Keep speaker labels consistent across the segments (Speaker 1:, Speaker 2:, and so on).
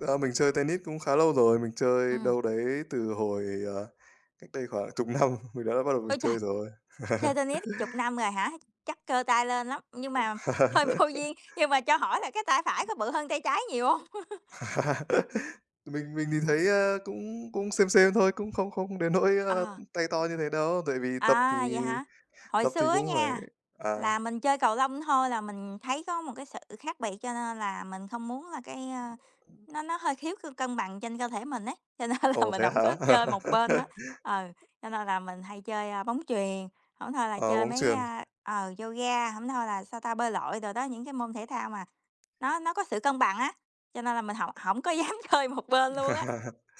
Speaker 1: A, mình chơi tennis cũng khá lâu rồi, mình chơi
Speaker 2: Ừm.
Speaker 1: đâu đấy từ hồi, ờ, cách đây khoảng 10 năm mình đã bắt đầu mình
Speaker 2: Ôi trời!
Speaker 1: chơi rồi.
Speaker 2: Chơi tennis 10 năm rồi hả? Chắc cơ tay lên lắm, nhưng mà hơi vô duyên, nhưng mà cho hỏi là cái tay phải có bự hơn tay trái nhiều hông?
Speaker 1: Mình mình nhìn thấy, ơ, cũng cũng same same thôi, cũng không không đến nỗi, ơ,
Speaker 2: Ờ.
Speaker 1: tay to như thế đâu. Tại vì tập thì
Speaker 2: À, vậy hả? Hồi
Speaker 1: tập thì
Speaker 2: xưa á
Speaker 1: cũng phải
Speaker 2: nha
Speaker 1: à.
Speaker 2: là mình chơi cầu lông thôi là mình thấy có một cái sự khác biệt, cho nên là mình không muốn là cái, ơ, nó nó hơi thiếu sự cân bằng trên cơ thể mình ấy, cho nên là
Speaker 1: Ồ,
Speaker 2: mình
Speaker 1: thế
Speaker 2: hổng
Speaker 1: hả?
Speaker 2: có chơi một bên đó. Ừ, cho nên là mình hay chơi, a, bóng chuyền, hổng thôi là
Speaker 1: À,
Speaker 2: chơi
Speaker 1: bóng
Speaker 2: mấy,
Speaker 1: chuyền.
Speaker 2: a, ờ, yoga, hổng thôi là, sao ta, bơi lội đồ đó, những cái môn thể thao mà nó nó có sự cân bằng á, cho nên là mình hổng hổng có dám chơi một bên luôn á.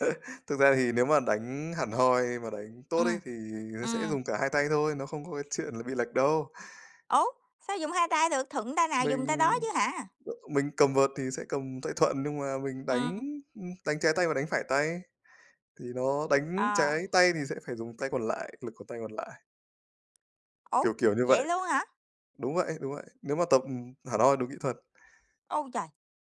Speaker 1: Thực ra thì nếu mà đánh hẳn hoi mà đánh tốt ấy
Speaker 2: Ừm,
Speaker 1: thì người ta sẽ
Speaker 2: ừm.
Speaker 1: dùng cả hai tay thôi, nó không có cái chuyện là bị lệch đâu.
Speaker 2: Ô! Sao dùng hai tay được? Thuận tay nào
Speaker 1: Mình
Speaker 2: dùng tay đó chứ hả?
Speaker 1: mình cầm vợt thì sẽ cầm tay thuận, nhưng mà mình đánh,
Speaker 2: Ừm.
Speaker 1: ưm, đánh trái tay và đánh phải tay. Thì nó đánh trái
Speaker 2: À.
Speaker 1: tay thì sẽ phải dùng tay còn lại, lực của tay còn lại. Kiểu,
Speaker 2: Ô!
Speaker 1: kiểu như
Speaker 2: Vậy
Speaker 1: vậy.
Speaker 2: luôn hả?
Speaker 1: Đúng vậy, đúng vậy. Nếu mà tập hẳn hoi đúng kỹ thuật.
Speaker 2: U trời!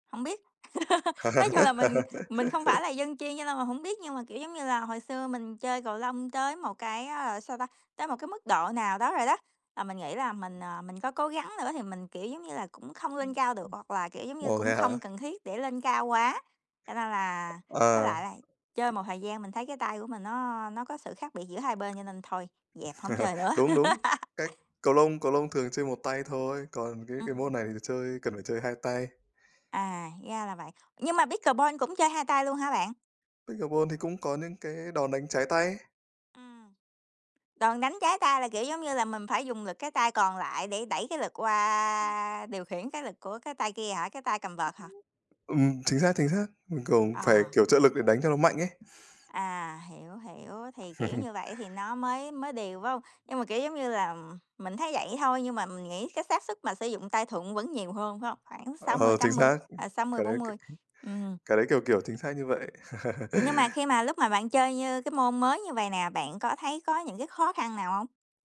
Speaker 2: Hổng biết. Nói chung là mình mình không phải là dân chuyên cho nên mình hổng biết, nhưng mà, kiểu, giống như là, hồi xưa mình chơi cầu lông tới một cái, ờ, sao ta, tới một cái mức độ nào đó rồi đó, là mình nghĩ là mình, ờ, mình có cố gắng nữa thì mình, kiểu, giống như là, cũng không lên cao được, hoặc là, kiểu, giống như,
Speaker 1: Ồ,
Speaker 2: cũng
Speaker 1: vậy hả?
Speaker 2: không cần thiết để lên cao quá. Cho nên là
Speaker 1: À.
Speaker 2: với lại là chơi một thời gian mình thấy cái tay của mình nó nó có sự khác biệt giữa hai bên cho nên thôi, dẹp, hổng chơi nữa.
Speaker 1: Đúng, đúng. Cách cầu lông cầu lông thường chơi một tay thôi, còn cái cái
Speaker 2: Ừm.
Speaker 1: môn này thì chơi cần phải chơi hai tay.
Speaker 2: À, ra là vậy. Nhưng mà pickleball cũng chơi hai tay luôn hả bạn?
Speaker 1: Pickleball thì cũng có những cái đòn đánh trái tay.
Speaker 2: Ừm. Đòn đánh trái tay là, kiểu, giống như là, mình phải dùng lực cái tay còn lại để đẩy cái lực qua điều khiển cái lực của cái tay kia hả? Cái tay cầm vợt hả?
Speaker 1: Ừm, chính xác, chính xác. Mình cũng phải,
Speaker 2: Ờ.
Speaker 1: kiểu, trợ lực để đánh cho nó mạnh ấy.
Speaker 2: À, hiểu, hiểu. Thì, kiểu, như vậy thì nó mới mới đều, phải hông? Nhưng mà, kiểu, giống như là, mình thấy vậy thôi, nhưng mà mình nghĩ cái xác suất mà sử dụng tay thuận vẫn nhiều hơn, phải hông? Khoảng sáu mươi
Speaker 1: Ờ, chính
Speaker 2: tám mươi,
Speaker 1: xác.
Speaker 2: à, sáu mươi
Speaker 1: Cái
Speaker 2: bốn
Speaker 1: đấy cái
Speaker 2: mười.
Speaker 1: cái
Speaker 2: Ừm.
Speaker 1: cái đấy kiểu, kiểu chính xác như vậy.
Speaker 2: Nhưng mà khi mà lúc mà bạn chơi như cái môn mới như vầy nè, bạn có thấy có những cái khó khăn nào hông?